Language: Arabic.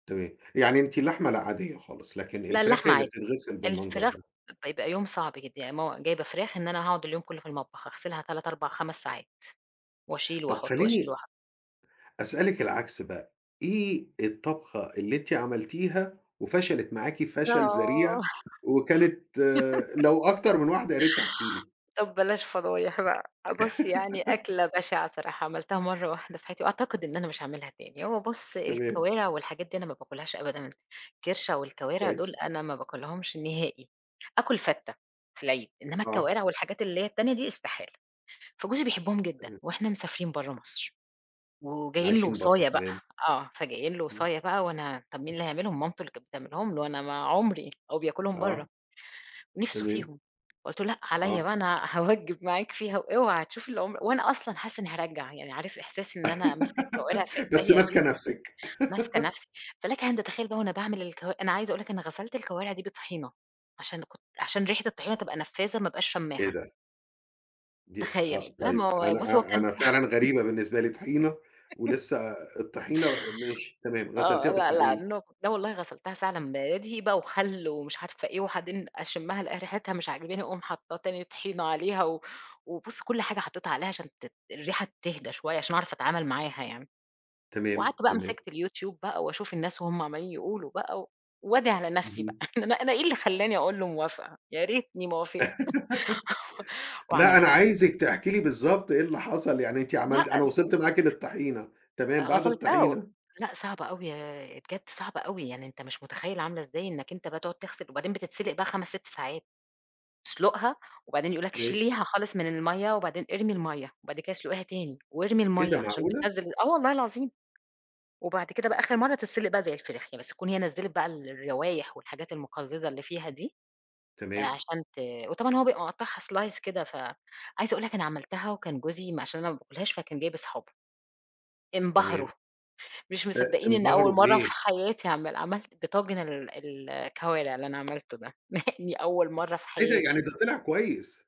تمام، يعني أنتِ اللحمة لأ عاديّة خالص، لكن لأ الفراخ اللحمة هي اللي عادي، بتتغِسل بالمنظر الفراخ ده. ب بيبقى يوم صعب جدًا يعني مو جايبة فراخ إن أنا هاقعُد اليوم كلّه في المطبخ أغسلها 3، 4، 5، ساعات، واشيل طب واحُط، واشيل خلّيني واحُط. أسألِك العكس بقى، إيه الطبخة اللي أنتِ عملتيها، وفَشلت معاكِ فَشل آه ذَريع، وكانت لو أكتر من واحدة ياريت تحكي لي؟ طب بلاش فضايح بقى، بُص يعني أكلة بشِعة صراحة عملتها مَرّة واحدة في حياتي، وأعتقد إن أنا مش هاعملها تاني، هو بُص تمام. الكوارِع والحاجات دي أنا ما باكلهاش أبدًا، الكِرشة والكوارِع دُول كويس. أنا ما باكلهمش نهائي، آكُل فتّة، في العيد، إنما آه. الكوارِع والحاجات اللي هي التانية دي إستحالة، فجوزي بيحبهم جدًا تمام. وإحنا مسافرين برّه مصر، وجايين له عايشين برّا وصاية بقى، تمام. آه فجايين له امم. وصاية بقى وأنا، طب مين اللي هيعملهم؟ مامته اللي كانت بتعملهم له أنا ما عُمري هو بياكلهم برّه، آه. نِفْسه تمام. فيهم قُلت له لأ عليّا آه. بقى أنا هاوجّب معاك فيها واوعى هتشوف اللي عُمر وأنا أصلًا حاسّة إني هارجّع، يعني عارف إحساس إن أنا ماسكة الكوارِع في بس ايديّا ماسكَه دي، نفْسِك. ماسكة نَفْسي، فلَكَ أن تتخيّل بقى وأنا باعمل الكوا أنا عايزة أقول لك أنا غَسلت الكوارِع دي بطحينة، عشان كنت عشان ريحة الطحينة تبقى نفّاذة ما ابقاش إيه شامّاها. ده؟ دي تخيّل، آه، لأ ما طيب، هو أنا بُص هو أ كان أنا فعلًا غريبة بالنسبة لي طحينة، ولسّه الطحينة ماشي، تمام غسلتيها آه، لأ، لأ، بالطحينة. [unintelligible] لا والله غسلتها فعلًا، بدقيق بقى وخَل ومش عارفة إيه وبعدين أشمّها ألاقي ريحتها مش عاجباني أقُوم حاطّة تاني طحينة عليها و وبُص كلّ حاجة حطّيتها عليها عشان تت الريحة تِهدا شويّة عشان اعرف أتعامل معاها يعني. تمام، وقعدت بقى تمام. مِسكت اليوتيوب بقى، واشوف الناس بقى وهُم عمّالين يقولوا بقى، و وادعي على نفْسي بقى، اهم. أنا أنا إيه اللي خلّاني أقول له موافقة؟ يا ريتني ما وافقت لأ أنا وعملتها. عايزِك تحكي لي بالضبط إيه اللي حصل، يعني أنتِ لأ عملتِ أنا وصلت [unintelligible] معاكِ للطحينة، تمام أ بعد غسلتها و الطحينة؟ لأ صعبة أوي ي بجد صعبة أوي، يعني أنت مش متخيّل عاملة إزاي إنَّك أنت بقى تقعُد تغسِل وبعدين بتتسِلق بقى 5، 6 ساعات، تسلُقها وبعدين يقول لك ماشي. شيليها خالص من المَيّة وبعدين إرمي المَيّة، وبعد كده اسلُقيها تاني، وارمي إيه المَيّة ده عشان معقولة! بتنزّل آه والله العظيم، وبعد كده بقى آخر مَرّة تتسِلق بقى زي الفراخ، ي بس تكون هي نزّلِت بقى الروايح والحاجات المُقزّزة اللي فيها دي، تمام. عشان ت وطبعًا هو بيبقى مقطّعها slice كده ف عايزة أقول لك أنا عملتها، وكان جوزي ما عشان أنا ما باكلهاش فكان جايب اصحابه انبهروا، تمام. مش أ مصدّقين إن أول إنبهروا مَرّة في بإيه؟ حياتي اعملها، عَملت طاجن ال الكوارِع اللي أنا عملته ده، مع إني أول مرّة في إيه ده، يعني حياتي. ده طِلع كويس!